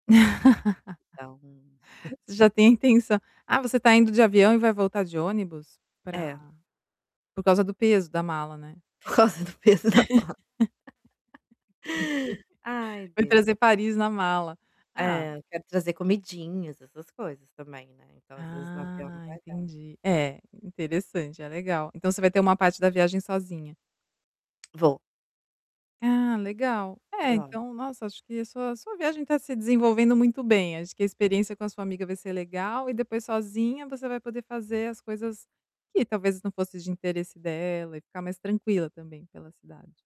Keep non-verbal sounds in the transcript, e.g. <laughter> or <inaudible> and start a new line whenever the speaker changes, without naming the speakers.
<laughs>
Dá um
Você
<chuckles>
já tem a intenção ah, você tá indo de avião e vai voltar de ônibus? Pra
É.
por causa do peso da mala, né.
Por causa do peso da mala. <chuckles>
<chuckles>
Ai
Vai trazer
Deus.
Paris na mala. Ah
É, quero trazer comidinhas, essas coisas também, né, então, às vezes no avião não
Ah,
vai dar.
entendi, é, interessante, é legal. Então, você vai ter uma parte da viagem sozinha.
Vou.
Ah, legal, é
Curiosa.
então, nossa, acho sua sua viagem tá se desenvolvendo muito bem, acho que a experiência com a sua amiga vai ser legal e depois sozinha você vai poder fazer as coisas que talvez não fosse de interesse dela e ficar mais tranquila também pela cidade.